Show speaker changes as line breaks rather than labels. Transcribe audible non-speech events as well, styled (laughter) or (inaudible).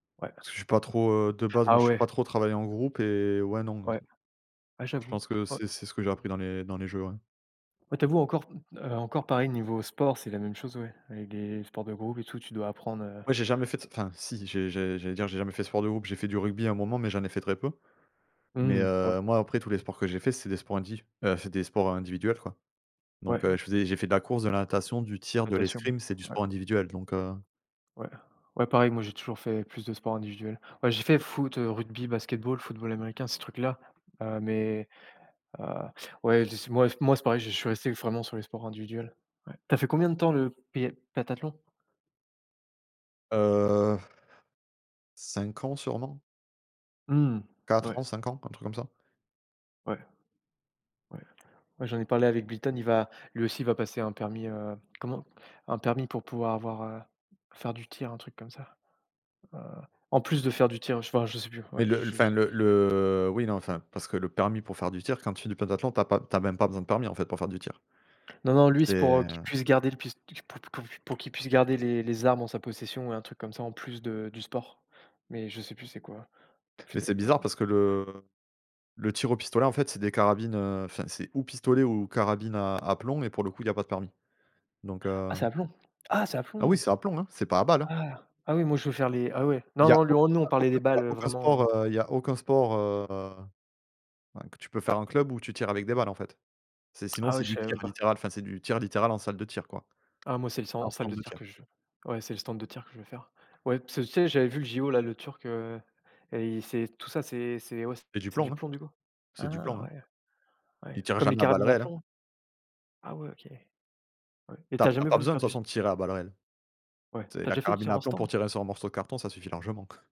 Ouais.
Parce que je suis pas trop, heu, de base, moi,
Ah
je suis
ouais.
pas trop travailler en groupe et ouais, non pour le
Ouais.
coup.
Ah
Je
j'avoue.
pense que
Ouais.
c'est c'est ce que j'ai appris dans les dans les jeux, ouais.
Ouais, tu avoues encore, mmh, heu, encore, pareil, niveau sport, c'est la même chose ouais, avec des sports de groupe et tout, tu dois apprendre, heu
Ouais, j'ai jamais fait d enfin, si, j'ai j'ai j'allais dire: «J'ai jamais fait de sport de groupe». J'ai fait du rugby à un moment mais j'en ai fait très peu, mais
Mmh, ouais.
heu, moi, après tous les sports que j'ai fait c'est des sports indiv heu, c'est des sports individuels, quoi, donc
Ouais.
heu, je faisais j'ai fait de la course, de la natation, du tir, de
Natation,
l'escrime, c'est du
ouais.
sport individuel, donc heu
Ouais. Ouais, pareil, moi, j'ai toujours fait plus de sport individuel. Ouais j'ai fait foot, heu, rugby, basketball, football américain, ces trucs-là. Heu, mais heu, ouais, je dis ce ouais (blows air) moi moi c'est pareil, j'ai je suis resté vraiment sur les sports individuels, ouais. Tu as fait combien de temps le pé pentathlon?
Heu, (blows air) 5 ans sûrement.
Mmh,
4
ouais.
ans, 5 ans, un truc comme ça.
Ouais. Ouais. Ouais, j'en ai parlé avec Bliton, il va lui aussi il va passer un permis, heu, comment? Un permis pour pouvoir avoir, heu, faire du tir un truc comme ça. Heu, en plus de faire du tir, heu, j enfin, je sais plus, ouais,
Mais
je
le
je
enfin le le oui, non, enfin, parce que le permis pour faire du tir, quand tu fais du pentathlon, tu as pas tu as même pas besoin de permis en fait, pour faire du tir.
Non, non, lui
C'est,
c'est pour, heu, qu'il
heu
puisse garder le pis p pou pour pour qu'il puisse garder les les armes en sa possession et un truc comme ça en plus de du sport, mais je sais plus c'est quoi.
Mais c'est bizarre
(unintelligible)
parce que le le tir au pistolet en fait c'est des carabines, heu, enfin c'est ou pistolet ou carabine à à plomb, mais pour le coup il y a pas de permis, donc
Ah
heu
c'est à plomb? Ah c'est à
Ah oui,
plomb!
c'est à plomb hein, c'est pas à balle, hein.
Ah! Ah oui, moi je veux faire les ah ouais.
Il
Non,
y a
non, lui
auc
on nous,
il y
on
a
parlait
aucun
des
il y
balles,
a
heu,
aucun
vraiment
sport, heu, il y a aucun sport, heu, ouais, que tu peux faire en club où tu tires avec des balles, en fait. C'est sinon
Ah ouais,
c'est
je
du
savais
tir
même pas.
littéral, enfin c'est du tir littéral en salle de tir, quoi,
Ah moi c'est le san en
en
salle
stand
de
de
tir
tir.
que je veux. Ouais, c'est le stand de tir que je veux faire. Ouais, parce que tu sais j'avais vu les JO là, le turc, heu, et c'est tout ça, c'est c'est ouais
C'est du
c'est
plomb,
du
hein.
plomb, du coup?
C'est du plomb,
Ah
hein.
ouais. Ouais,
Ils tirent
comme les
jamais à balles
carabines à
réelles, hein.
plomb? Ah ouais, OK. Ouais, et
Tu
tu
as
as
tu as
jamais
pas
voulu
besoin de
faire
toute
du s?
façon de tirer à balles réelles.
Ouais,
Tu sais,
tu as
la
déjà fait du
carabine
tir
à
en
plomb pour
stand?
tirer sur un morceau de carton, ça suffit largement.